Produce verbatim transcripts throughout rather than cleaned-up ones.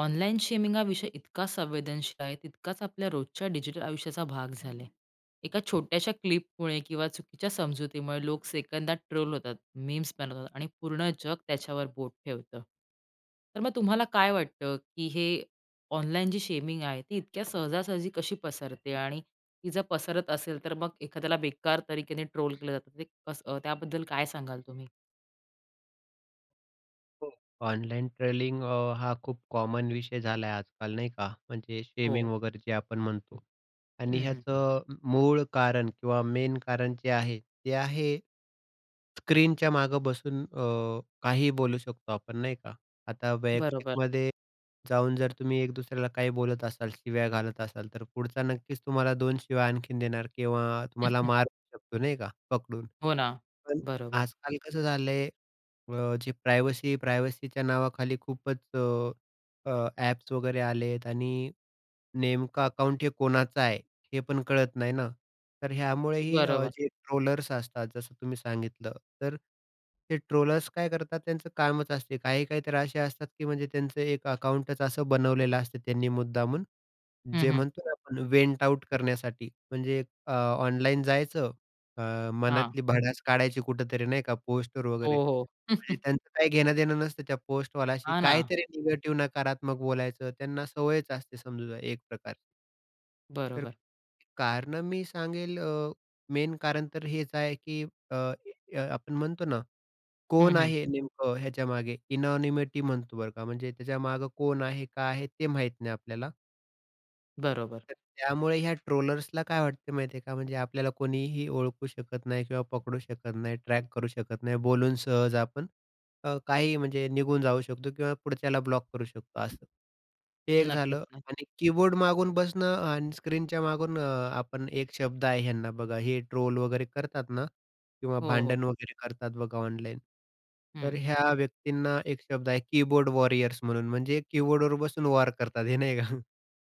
Online shaming विषय इतका संवेदनशील आहे. तितकाच आपल्या रोजच्या डिजिटल आयुष्याचा भाग झाले. एका छोट्याश्या क्लिपमुळे किंवा चुकीच्या समजुतीमुळे लोक सेकंदात ट्रोल होतात, मीम्स बनवतात आणि पूर्ण जग त्याच्यावर बोट ठेवतं. तर मग तुम्हाला काय वाटतं, की हे ऑनलाईन जी शेमिंग आहे ती इतक्या सहजासहजी कशी पसरते? आणि ती जर पसरत असेल, तर मग एखाद्याला बेकार तरीक्येने ट्रोल केलं जातं. ते कसं? त्याबद्दल काय सांगाल तुम्ही? हो. ऑनलाइन ट्रोलिंग अ, हा खूप कॉमन विषय झाला आहे आजकाल नाही का म्हणजे शेमिंग हो. वगैरे जे आपण म्हणतो आणि हं, हं. ह्याचं अ, मूळ कारण किंवा मेन कारण जे आहे, ते आहे, स्क्रीनच्या मागं बसून अ, काहीही बोलू शकतो आपण नाही का. आता बरोबर. वैयक्तिकमध्ये जाऊन जर तुम्ही एक दुसऱ्याला काही बोलत असाल, शिव्या घालत असाल, तर पुढचा नक्कीच तुम्हाला दोन शिव्या आणखीन देणार किंवा तुम्हाला मारूही शकतो. नाही का, पकडून. हो ना. पण बरोबर. आजकाल कसं झालं आहे, अ, जे प्रायव्हसी प्रायव्हसीच्या नावाखाली खूपच अ, एप्स वगैरे आलेत आणि नेमकं अकाउंट हे कोणाचं आहे, हे पण कळत नाही ना तर ह्यामुळेही बरोबर. जे ट्रोलर्स असतात, जसं तुम्ही सांगितलं तर हे ट्रोलर्स काय करतात त्यांचं कामच असते. काही-काही तर असे असतात, की म्हणजे त्यांचं एक अकाउंटच असं बनवलेलं असतं त्यांनी मुद्दामून हं, जे हं. म्हणतो ना आपण वेंट आऊट करण्यासाठी म्हणजे अ, ऑनलाईन जायचं अ, हां. मनातली भडास काढायची कुठेतरी नाही का पोस्टवर वगैरे हो, हो. म्हणजे त्यांचं काही घेणं-देणं नसतं, त्या पोस्टवाल्याशी. हां ना. काहीतरी निगेटिव्ह, नकारात्मक बोलायचं. त्यांना सवयच असते समजू द्या, एक प्रकार. तर, बरोबर. कारणं मी सांगेल अ, मेन कारण तर हेच आहे की अ, अ, आपण म्हणतो ना? हं, कोण हं. आहे नेमकं ह्याच्यामागे इननोनिमिटी म्हणतो बरं का. म्हणजे त्याच्यामागे कोण आहे, का आहे ते माहीत नाही आपल्याला. बरोबर. तर त्यामुळे ह्या ट्रोलर्सला काय वाटतं माहिती आहे का? म्हणजे आपल्याला कोणीही ओळखू शकत नाही किंवा पकडू शकत नाही, ट्रॅक करू शकत नाही. बोलून सहज आपण अ, काहीही म्हणजे निघून जाऊ शकतो किंवा पुढच्याला ब्लॉक करू शकतो असं. हे एक नक्कीच झालं, ना. आणि कीबोर्ड मागून बसणं आणि स्क्रीनच्या मागून अ, आपण एक शब्द आहे ह्यांना बघा हे ट्रोल वगैरे करतात ना किंवा हो, हो. भांडण वगैरे करतात बघा ऑनलाईन. तर हं. ह्या व्यक्तींना एक शब्द आहे कीबोर्ड वॉरीयर्स म्हणून म्हणजे कीबोर्डवर बसून वॉर करतात हे नाही का?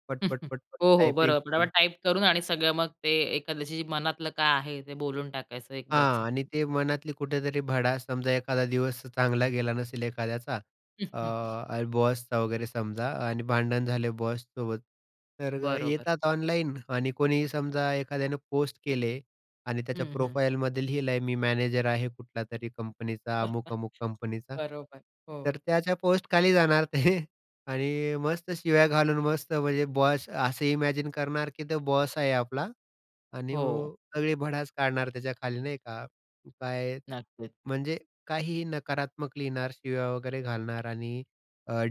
पट, पट, पट, पट हो, हो, टाइपिंग बरं करून. फटाफट टाइप करून आणि सगळं मग ते एखाद्याशी मनातलं काय आहे ते बोलून टाकायचं एकदाचं. हां, आणि ते मनातली कुठेतरी भडास समजा एखादा दिवस चांगला गेला नसेल एखाद्याचा. अ, बॉसचा वगैरे समजा आणि भांडण झाले बॉससोबत. तर बरोबर. येतात ऑनलाईन. आणि कोणीही समजा एखाद्यानं पोस्ट केले आणि त्याच्या हं, हं. प्रोफाईलमध्ये लिहिलं आहे मी मॅनेजर आहे कुठल्यातरी कंपनीचा. अमुक-अमुक कंपनीचा. बरोबर. हो. तर त्याच्या पोस्टखाली जाणार ते. आणि मस्त शिव्या घालून मस्त म्हणजे बॉस असं इमॅजिन करणार, की तो बॉस आहे आपला. आणि हो. मग सगळी भडास काढणार त्याच्याखाली नाही का? काय नक्कीच. म्हणजे काहीही नकारात्मक लिहिणार, शिव्या वगैरे घालणार आणि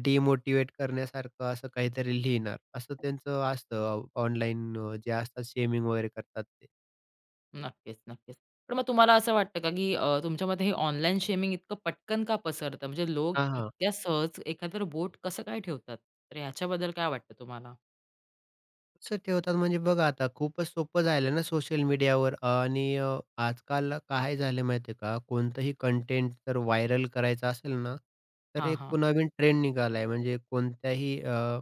डिमोटिवेट करण्यासारखं असं काहीतरी लिहिणार, असं त्यांचं असतं. ऑनलाईन जे असतात. शेमिंग वगैरे करतात ते. नक्कीच, नक्कीच. पण मग तुम्हाला असं वाटतं का की अ, तुमच्या मते हे ऑनलाईन शेमिंग इतकं पटकन का पसरतं. म्हणजे लोक हां, हां. इतक्या सहज एखाद्यावर बोट कसं काय ठेवतात. तर याच्याबद्दल काय वाटतं तुम्हाला? कसं ठेवतात म्हणजे बघा आता खूपच सोपं झालं ना, सोशल मीडियावर आणि अ, आजकाल काय झालं माहिती आहे का. कोणतंही कंटेंट जर व्हायरल करायचं असेल ना, तर हां, एक हां. नवीन ट्रेंड निघाला आहे म्हणजे कोणत्याही अ,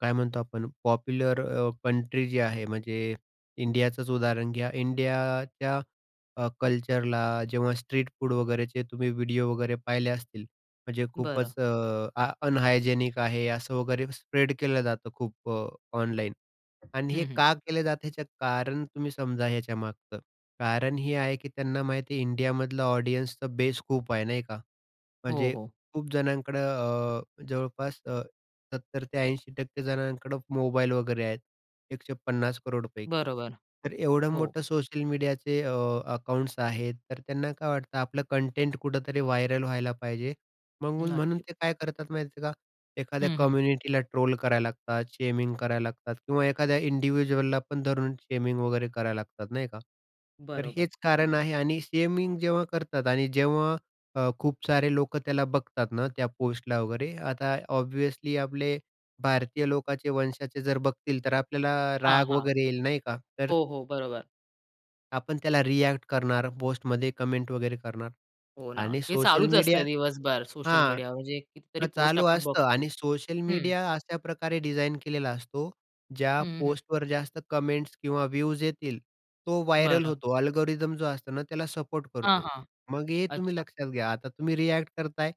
काय म्हणतो आपण. पॉप्युलर अ, कंट्री जी आहे म्हणजे इंडियाचंच उदाहरण घ्या. इंडियाच्या अ, कल्चरला जेव्हा स्ट्रीट फूड वगैरेचे तुम्ही व्हिडिओ वगैरे पाहिले असतील. म्हणजे बरं. खूपच अ, आ अनहायजेनिक आहे असं वगैरे स्प्रेड केलं जातं खूप अ, ऑनलाईन आणि हे हं, हं. का केलं जात याचं कारण तुम्ही समजा ह्याच्यामागचं. कारण हे आहे, की त्यांना माहिती आहे इंडियामधलं ऑडियन्सचा बेस खूप आहे नाही का, हो, म्हणजे हो. खूप जणांकडं अ, जवळपास अ, सत्तर ते ऐंशी टक्के जणांकडं मोबाईल वगैरे आहेत. एकशे पन्नास करोड पैकी. बरोबर. तर एवढं हो. मोठं सोशल मीडियाचे अ, अकाउंट्स आहेत. तर त्यांना काय वाटतं आपलं कंटेंट कुठेतरी व्हायरल व्हायला पाहिजे. म्हणून म्हणून नक्कीच. ते काय करतात माहिती आहे का, एखाद्या हं, हं. कम्युनिटीला ट्रोल करायला लागतात. शेमिंग करायला लागतात किंवा एखाद्या इंडिव्हिज्युअलला पण धरून शेमिंग वगैरे करायला लागतात. नाही का. तर बरोबर. हेच कारण आहे आणि शेमिंग जेव्हा करतात आणि जेव्हा अ, खूप सारे लोकं त्याला बघतात ना, त्या पोस्टला वगैरे आता ऑब्व्हियसली आपले भारतीय लोकाचे वंशाचे जर बघतील, तर आपल्याला हां, राग हां. वगैरे येईल नाही का, तर हो, हो, बरोबर. आपण त्याला रिऍक्ट करणार, पोस्टमध्ये कमेंट वगैरे करणार हो ना. आणि हे सोशल चालूच मीडिया असतं दिवसभर. सोशल हां, मीडिया म्हणजे कितीतरी हां, पोस्ट चालू आपण असतं. बघतो. आणि सोशल हं. मीडिया अशाप्रकारे डिझाइन केलेला असतो, ज्या हं, हं. पोस्टवर जास्त कमेंट्स किंवा व्ह्यूज येतील, तो व्हायरल बरं. होतो. अल्गोरिदम जो असतो ना, त्याला सपोर्ट हां, करतो. हां. मग हे तुम्ही अच्छा. लक्षात घ्या आता तुम्ही रिऍक्ट करताय,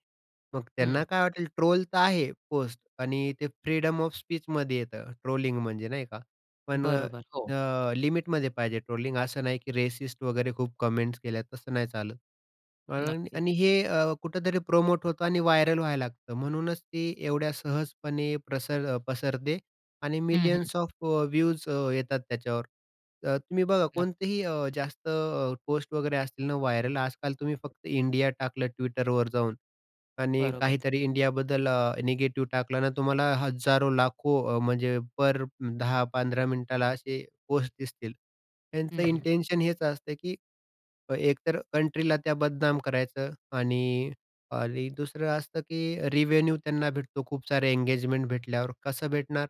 मग हं. त्यांना काय वाटेल. ट्रोल तर आहे पोस्ट आणि ते फ्रीडम ऑफ स्पीचमध्ये येतं ट्रोलिंग म्हणजे नाही का? पण अ, बरोबर. हो. अ, लिमिटमध्ये पाहिजे ट्रोलिंग, असं नाही की रेसिस्ट वगैरे खूप कमेंट्स केल्या, तसं नाही चालत आणि नक्कीच. आणि हे अ, कुठेतरी प्रोमोट होतं आणि व्हायरल व्हायला लागतं. म्हणूनच ते एवढ्या सहजपणे प्रसर पसरते आणि हं, हं. मिलियन्स ऑफ व्ह्यूज अ, येतात त्याच्यावर. तर तुम्ही बघा नक्क कोणतेही अ, जास्त पोस्ट वगैरे असतील ना व्हायरल, आजकाल तुम्ही फक्त इंडिया टाकलं Twitterवर जाऊन आणि बरोबर. काहीतरी इंडियाबद्दल अ, निगेटिव्ह टाकलं ना, तुम्हाला हजारो, लाखो म्हणजे पर दहा पंधरा मिनिटाला असे पोस्ट दिसतील. त्यांचं हं, हं. इंटेंशन हेच असतं, की एक तर कंट्रीला त्या बदनाम करायचं. आणि आणि दुसरं असतं की रिवेन्यू त्यांना भेटतो खूप सारे एंगेजमेंट भेटल्यावर कसं भेटणार?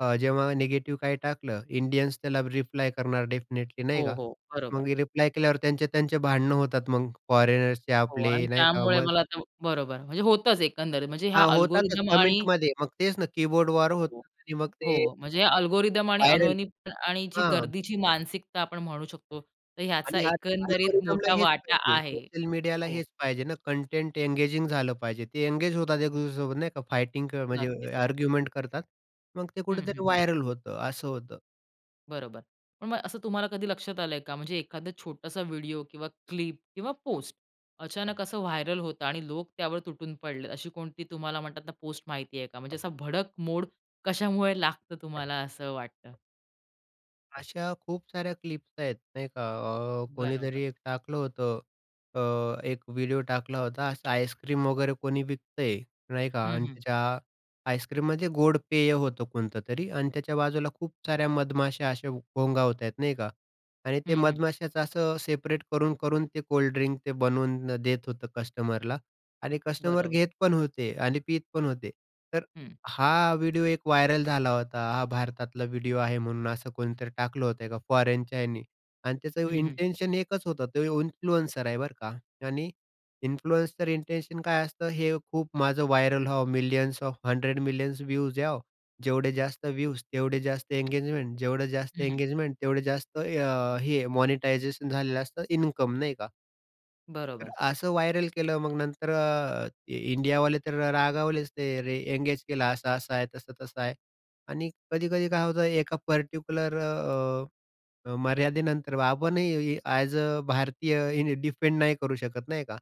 अ, जेव्हा निगेटिव्ह काही टाकलं इंडियन्स त्याला रिप्लाय करणार डेफिनिटली नाही हो, का? हो. बरोबर. मग रिप्लाय केल्यावर त्यांचे-त्यांचे भांडणं होतात मग फॉरेनर्सचे हो आणि आपले नाही का त्यामुळे मग मला आता, बरोबर. म्हणजे होतच एकंदरीत म्हणजे हा हां. होतातच अल्गोरिदम आणि कमेंटमध्ये. मग तेच ना कीबोर्ड वॉर होतात. आणि मग ते हो, म्हणजे अल्गोरिदम आणि व्हायरल? अनहोनी आणि जी हां. गर्दीची मानसिकता आपण म्हणू शकतो. तर ह्याचा आणि आज एकंदरीत अल्गोरिदमला मोठा हेच वाटा पाहिजे. आहे. सोशल मीडियाला हो. हेच पाहिजे ना कंटेंट एंगेजिंग झालं पाहिजे. ते एंगेज होतात एक दुसऱ्यासोबत नाही का?फाइटिंग नक्कीच, म्हणजे नक्कीच. आर्ग्युमेंट करतात. मग ते हं, कुठेतरी हं. व्हायरल होतं. असं होतं. बरोबर. पण मग असं तुम्हाला कधी लक्षात आलंय का? म्हणजे एखादा छोटासा व्हिडिओ किंवा क्लिप किंवा पोस्ट अचानक असं व्हायरल होतं आणि लोक त्यावर तुटून पडलेत. अशी कोणती तुम्हाला म्हणतात ना, पोस्ट माहिती आहे का? म्हणजे असा भडक मोड कशामुळे लागतं तुम्हाला असं वाटतं? अशा खूप साऱ्या क्लिप्स आहेत नाही का, अ, बरोबर. कोणीतरी एक टाकलं होतं अ, एक व्हिडिओ टाकला होता, असा आइसक्रीम वगैरे कोणी विकतंय नाही का हं, आणि हं. त्याच्या आईस्क्रीम म्हणजे गोड पेय होतं कोणतं तरी आणि त्याच्या बाजूला खूप साऱ्या मधमाश्या अशा घोंगावतायेत नाही का? आणि ते हं, हं. मधमाश्याचं असं सेपरेट करून-करून ते कोल्ड ड्रिंक ते बनवून देत होतं कस्टमरला आणि कस्टमर बरोबर. घेत पण होते आणि पीत पण होते. तर हं. हा व्हिडिओ एक व्हायरल झाला होता. हा भारतातला व्हिडिओ आहे म्हणून असं कोणीतरी टाकलं होतं का फॉरेनच्या ह्याने आणि त्याचं हं, हं. इंटेंशन एकच होतं, तो इन्फ्लुएन्सर आहे बरं का आणि इन्फ्लुएन्सर इंटेंशन काय असतं हे खूप माझं व्हायरल व्हावं, millions of hundred millions views यावो. जेवढे जास्त व्ह्यूज तेवढे जास्त इंगेजमेंट, जेवढं जास्त हं, हं. इंगेजमेंट तेवढे जास्त अ, हे मॉनिटायझेशन झालेलं असतं, इन्कम नाही का? तर बरोबर. असं व्हायरल केलं मग नंतर अ, इंडियावाले तर रागावलेच ते रे अ, एंगेज केलं की असं, असं आहे आणि तसं, तसं आहे. आणि कधी-कधी काय होतं की एका पर्टिक्युलर अ, अ, मर्यादेनंतर आपणही ॲज अ भारतीय डिफेंड नाही करू शकत नाही का?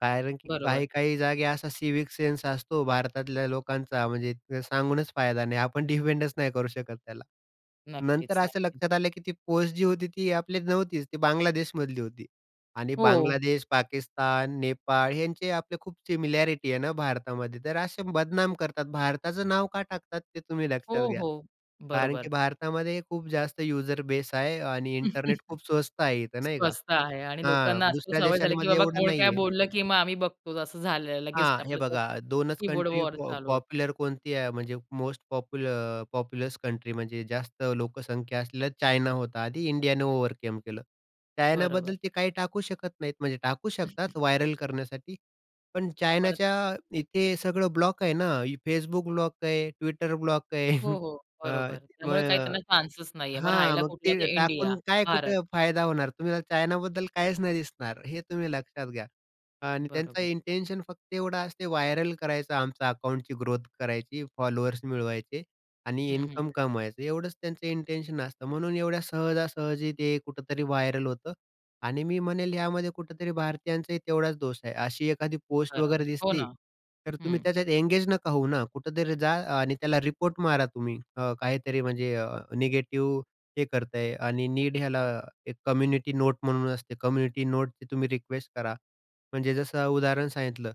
कारण की बरोबर. काही-काही जागी असा सिव्हिक सेन्स असतो भारतातल्या लोकांचा म्हणजे अ, सांगूनच फायदा नाही आणि आपण त्याला डिफेंडच नाही करू शकत त्याला. नक्कीच, नंतर असं नक्की. लक्षात आलं की ती पोस्ट जी होती, ती आपली नव्हतीच तर ती बांगलादेशमधली होती. आणि हो. बांगलादेश, पाकिस्तान नेपाळ यांचे आपली खूप सिमिलॅरिटी आहे ना भारतामध्ये. तर असे बदनाम करतात आणि भारताचं नाव का टाकतात ते तुम्ही लक्षात हो, घ्या. हो. कारण की बरोबर. भारतामध्ये खूप जास्त युझर बेस आहे आणि इंटरनेट खूप स्वस्त आहे इथं नाही का. स्वस्त आहे आणि हां, लोकांना अशी दुसऱ्या सवय झाली, की देशांमध्ये बाबा एवढं कोण काय नाही आहे. बोललं, की मग आम्ही बघतो असं झालं लगेच हां. हे आपलं तो बघा दोनच कीबोर्ड कंट्री वार पॉ चालू होतो. पॉप्युलर कोणती आहे म्हणजे most popul uh, populous country म्हणजे जास्त लोकसंख्या असलेला चायना होता आधी, इंडियाने ओव्हरकम केलं. चायनाबद्दल बरोबर. ते काही टाकू शकत नाहीत, म्हणजे टाकू शकतात व्हायरल करण्यासाठी. पण पण चायनाच्या इथे सगळं ब्लॉक आहे ना, Facebook ब्लॉक आहे, Twitter ब्लॉक आहे. हो, हो. अ, बरोबर. मग त्यामुळे काही अ, त्यांना चान्सच नाहीये. मग हां, राहायला मग कुठला, तर ते इंडिया, टाकून काय भारत. कुठे फायदा होणार. तुम्हाला चायनाबद्दल काहीच नाही दिसणार हे तुम्ही लक्षात घ्या. आणि त्यांचा बरोबर. इंटेन्शन फक्त एवढाच असते व्हायरल करायचं, आमच अकाउंटची ग्रोथ करायची, फॉलोअर्स मिळवायचे आणि हं, हं. इन्कम कमवायचं. एवढंच त्यांचं इंटेन्शन असतं म्हणून एवढ्या सहजासहजी ते कुठेतरी व्हायरल होतं आणि मी म्हणेल यामध्ये कुठेतरी भारतीयांचाही तेवढाच दोष आहे. अशी एखादी पोस्ट वगैरे बरोबर. हो दिसली, ना. तर तुम्ही हं. त्याच्यात एंगेज नका होऊ ना. कुठेतरी जा आणि त्याला रिपोर्ट मारा तुम्ही अ, काहीतरी म्हणजे अ, निगेटिव्ह हे करतंय आणि नीड ह्याला एक कम्युनिटी नोट म्हणून असते कम्युनिटी नोटची तुम्ही रिक्वेस्ट करा. म्हणजे जसं उदाहरण सांगितलं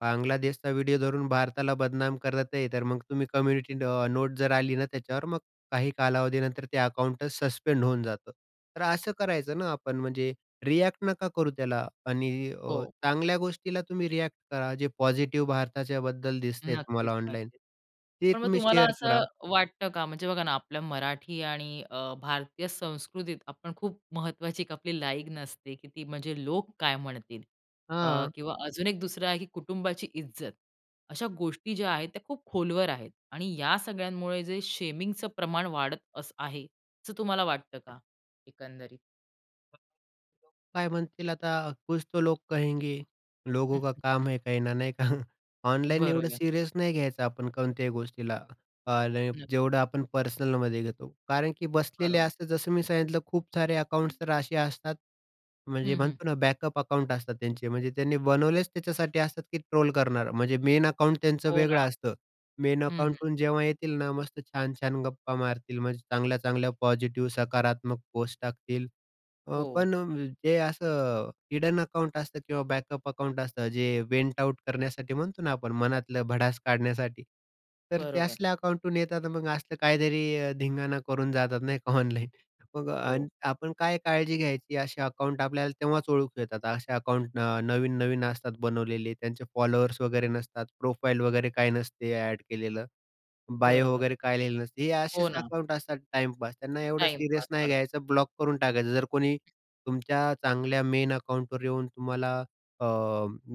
बांगलादेशचा व्हिडिओ धरून भारताला बदनाम करत आहे. तर मग तुम्ही कम्युनिटी अ, नोट जर आली ना त्याच्यावर, मग काही कालावधीनंतर ते अकाउंटच सस्पेंड होऊन जातं. तर असं करायचं ना आपण म्हणजे रिएक्ट नका करू त्याला आणि अ, हो. चांगल्या गोष्टीला तुम्ही रिएक्ट करा जे पॉझिटिव्ह भारताच्याबद्दल दिसतंय तुम्हाला नक्कीच, ऑनलाईन. नक्कीच. ते पण मग तुम्ही तुम्हाला शेअर करा. असं वाटतं का, म्हणजे बघा ना अ, आपल्या मराठी आणि अ, भारतीय संस्कृतीत आपण खूप महत्वाची एक आपली लाईकन असते की ती म्हणजे लोक काय म्हणतील? अ, हां. किंवा अजून एक दुसरं आहे की कुटुंबाची इज्जत. अशा गोष्टी ज्या आहेत, त्या खूप खोलवर आहेत आणि या सगळ्यांमुळे जे शेमिंगचं प्रमाण वाढत असं आहे, असं तुम्हाला वाटतं का एकंदरीत? काय म्हणतील आता, कुछ तो लोग कहेंगे, लोगों का काम है कहना. नाही का? ऑनलाईन एवढं बरोबर. सिरीयस नाही घ्यायचं आपण कोणत्याही गोष्टीला, अ, नक्कीच. जेवढं आपण पर्सनलमध्ये घेतो. कारण की बसलेले बरोबर. असतात, जसं मी सांगितलं, खूप सारे अकाउंट्स तर असे असतात म्हणजे हं, हं. म्हणतो ना बॅकअप अकाउंट्स असतात त्यांचे. म्हणजे त्यांनी बनवलेच त्याच्यासाठी असतात की ट्रोल करणार. म्हणजे मेन अकाउंट त्यांचं हो वेगळं ना. असतं. मेन हं, हं. अकाउंटहून जेव्हा येतील ना, मस्त छान-छान गप्पा मारतील, चांगल्या-चांगल्या पॉसिटीव्ह सकारात्मक पोस्ट टाकतील. अ, हो. पण हे असं हिडन अकाउंट असतं किंवा बॅकअप अकाउंट असतं, जे वेन्ट आऊट करण्यासाठी म्हणतो ना आपण, मनातलं भडास काढण्यासाठी. तर ते बरोबर. असल्या अकाउंटहून येतात मग असला काहीतरी धिंगाणा करून जातात, नाही का, ऑनलाईन. मग आ हो. आपण काय काळजी घ्यायची? असे अकाउंट आपल्याला तेव्हाच ओळखू येतात. असे अकाउंट न नवीन-नवीन असतात बनवलेले, त्यांचे फॉलोअर्स वगैरे नसतात, प्रोफाईल वगैरे काही नसते ऍड केलेलं, बायो बरोबर. वगैरे काही लिहिलेलं नसतं. हे हो असेच ना. अकाउंट्स असतात टाइमपास. त्यांना एवढं टाइमपास सीरियस नाही करतात. घ्यायचं. ब्लॉक करून टाकायचं. जर कोणी तुमच्या चांगल्या मेन अकाउंटवर येऊन तुम्हाला अ,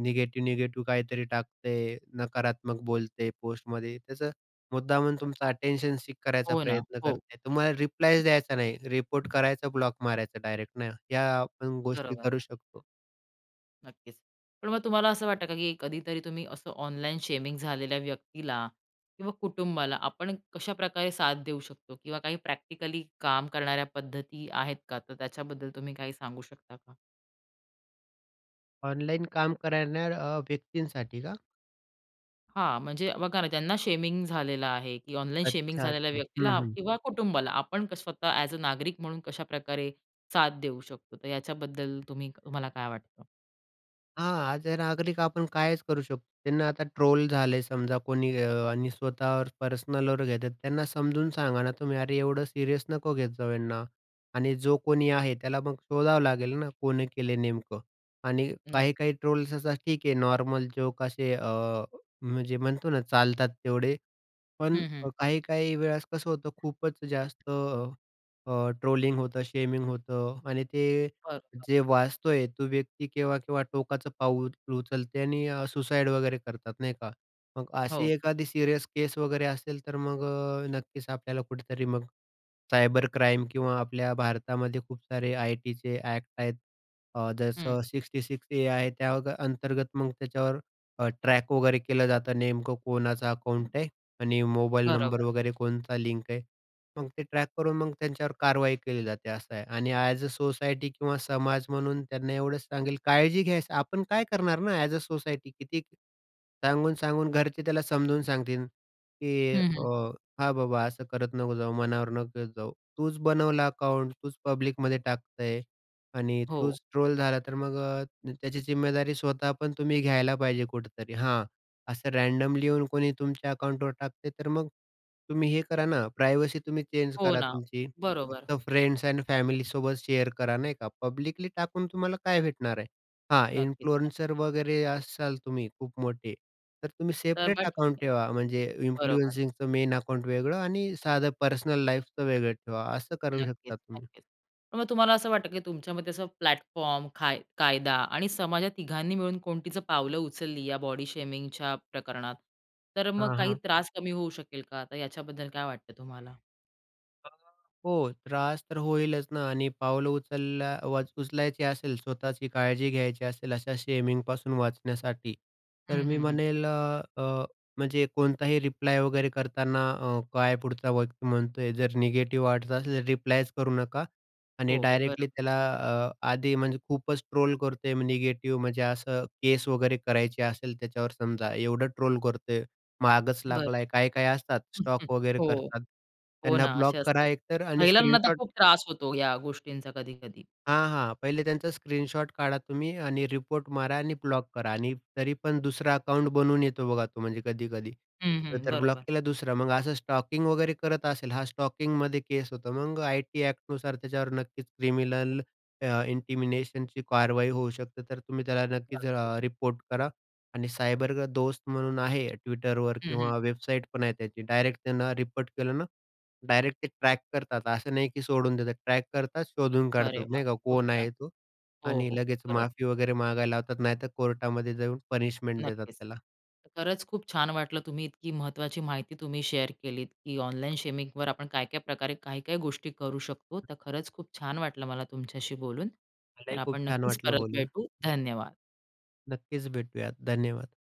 निगेटिव्ह, निगेटिव्ह काहीतरी टाकतंय, नकारात्मक बोलते पोस्टमध्ये, तसं मुद्दामून तुमचं अटेंशन सीक करायचा हो ना. प्रयत्न करत हो. असेल, तुम्हाला रिप्लायच द्यायचा नाही. रिपोर्ट करायचं, ब्लॉक मारायचं डायरेक्ट ना. हया आपण गोष्टी बरोबर. करू शकतो. नक्कीच. पण मग तुम्हाला असं वाटतं का, की कधीतरी तुम्ही असं ऑनलाईन शेमिंग झालेल्या व्यक्तीला किंवा कुटुंबाला आपण कशाप्रकारे साथ देऊ शकतो किंवा काही प्रॅक्टिकली काम करणाऱ्या पद्धती आहेत का, तर त्याच्याबद्दल तुम्ही काही सांगू शकता का? ऑनलाईन काम करणाऱ्या अ, व्यक्तींसाठी का? हां, म्हणजे बघा ना ज्यांना शेमिंग झालेलं आहे की ऑनलाईन शेमिंग अच्छा, झालेल्या अच्छा. हं, व्यक्तीला हं. किंवा कुटुंबाला आपण कस स्वतः अ‍ॅज अ, नागरिक म्हणून कशाप्रकारे साथ देऊ शकतो, तर याच्याबद्दल तुम्ही तुम्हाला काय वाटतं? हां, अ‍ॅज अ, नागरिक आपण कायच करू शकतो. त्यांना आता ट्रोल झाले समजा कोणी अ, आणि स्वतःवर पर्सनलवर घेतात त्यांना समजून सांगा ना तुम्ही, की अरे एवढं सीरियस नको घेत जाऊ यांना आणि जो कोणी आहे. त्याला मग शोधावं लागेल ना, कोणी केलंय नेमकं आणि नाही. काही-काही ट्रोल्स असे ठीक आहे नॉर्मल जोक्स असे अ, म्हणजे म्हणतो ना चालतात तेवढे. पण हं, हं. काही-काही वेळेस कसं होतं की खूपच अ, जास्त अ, ट्रोलिंग होतं, शेमिंग होतं आणि ते बरोबर. जे वाचतोय तो व्यती केव्हा-केव्हा टोकाचं पाऊल उचलते आणि सुसाईड वगैरे करतात नाही का? मग अशी हो. एखादी सीरियस केस वगैरे असेल तर मग अ, नक्कीच आपल्याला कुठेतरी मग सायबर क्राईम किंवा आपल्या भारतामध्ये खूप सारे आय-टी चे ॲक्ट आहेत अ, हं. जसं सिक्स्टी सिक्स ए आहे त्या अ, अंतर्गत मग त्यांच्यावर अ, ट्रॅक वगैरे केलं जातं की नेमकं कोणाचं अकाउंट आहे आणि मोबाईल नंबर बरोबर. वगैरे कोणता लिंक आहे. मग ते ट्रॅक करून मग त्यांच्यावर कारवाई केली जाते असं आहे आणि ॲज अ, सोसायटी किंवा समाज म्हणून त्यांना एवढंच सांगेन काळजी घ्यायचं आपण काय करणार ना? ॲज अ, सोसायटी किती सांगून-सांगून घरचे त्याला समजावून सांगतील, की हं, अ, हं. हां, बाबा असं करत नको जाऊ, मनावर नको घेत जाऊ. तूच बनवला अकाउंट, तूच बनवलं आहेस, तूच पब्लिकमध्ये टाकतय आणि हो. तूच ट्रोल झाला तर मग त्याची जिम्मेदारी स्वतः पण तुम्ही घ्यायला पाहिजे कुठेतरी हां असं रँनडमली येऊन कोणी तुमच्या अकाउंटवर टाकते, तर मग तुम्ही हे करा ना, तुमची प्रायव्हसी तुम्ही चेंज हो करा ना. तुमची, बरोबर. फक्त फ्रेंड्स आणि फॅमिली सोबत शेअर करा नाही का? पब्लिकली टाकून तुम्हाला काय भेटणार आहे? हां, नक्कीच, नक्कीच. इन्फ्लुएन्सर वगैरे असाल तुम्ही खूप मोठे, तर तुम्ही तर सेपरेट मग ठीक अकाउंट हे. ठेवा. म्हणजे बरोबर. इन्फ्लुएन्सिंगचं मेन अकाउंट वेगळं आणि साधं पर्सनल लाईफचं वेगळं ठेवा असं करू नक्कीच, शकता तुम्ही. नक्कीच. पण मग तुम्हाला असं वाटतं की तुमच्यामध्ये असं प्लॅटफॉर्म, काय कायदा आणि समाजात तिघांनी मिळून कोणतीच पावलं उचलली, या बॉडी शेमिंगच्या प्रकरणात, तर मग हां, काही हां. त्रास कमी होऊ शकेल का, तर याच्याबद्दल काय वाटतं तुम्हाला? अ, हो, त्रास तर होईलच ना. आणि पाऊलं उचलला उचलायची असेल, स्वतःची काळजी घ्यायची असेल अशा शेमिंगपासून वाचण्यासाठी, तर हं, मी हं, हं. म्हणेल अ, अ, म्हणजे कोणताही रिप्लाय वगैरे करताना अ, काय पुढचा व्यक्ती म्हणतोय. जर निगेटिव्ह वाटतं असेल तर रिप्लायच करू नका आणि हो, हो, बरोबर. डायरेक्टली त्याला अ, आधी म्हणजे खूपच ट्रोल करतोय, म, निगेटिव्ह. म्हणजे असं केस वगैरे करायची असेल त्याच्यावर समजा एवढं ट्रोल करतोय, मागचं बरं. लागलाय, काय-काय असतात स्टॉक वगैरे हो, करतात, हो त्यांना ना. ब्लॉक असे करा असतात. एकतर आणि महिलांना तर स्क्रीनशॉट खूप त्रास होतो या गोष्टींचा कधी-कधी. हां, हां. पहिले त्यांचा स्क्रीनशॉट काढा तुम्ही आणि रिपोर्ट मारा आणि ब्लॉक करा. आणि तरी पण दुसरं अकाउंट बनवून येतो बघा तो म्हणजे कधी-कधी. हं, हं. तर ब्लॉक बरोबर. केला दुसरा, मग असं स्टॉकिंग वगैरे करत असेल हां, स्टॉकिंगमध्ये केस होतो. मग आय-टी एक्ट नुसार त्याच्यावर नक्कीच क्रिमिनल अ, इंटिमेशनची कारवाई होऊ शकते. तर तुम्ही त्याला नक्कीच नक्कीच. अ, रिपोर्ट करा. आणि सायबर दोस्त म्हणून आहे Twitterवर, हं, हं. किंवा वेबसाईट पण आहे त्याची डायरेक्ट त्यांना रिपोर्ट केलं ना, डायरेक्ट ते ट्रॅक करतात. असं नाही की सोडून देतात. ट्रॅक करतात, शोधून अरे काढतात वाह! नाही का खूप कोण छान. आहे तो, हो, आणि हो, लगेच बरोबर. माफी वगैरे मागायला लावतात. नाहीतर कोर्टामध्ये जाऊन पनिशमेंट देतात नक्कीच. त्याला. खरंच खूप छान वाटलं. तुम्ही इतकी महत्त्वाची माहिती तुम्ही शेअर केलीत, की ऑनलाईन शेमिंगवर आपण काय-काय प्रकारे, काय-काय गोष्टी करू शकतो. तर खरंच खूप छान वाटलं मला तुमच्याशी बोलून. तर मलाही खूप आपण छान नक्कीच वाटलं परत बोलून. भेटू. धन्यवाद. नक्कीच भेटूयात. धन्यवाद.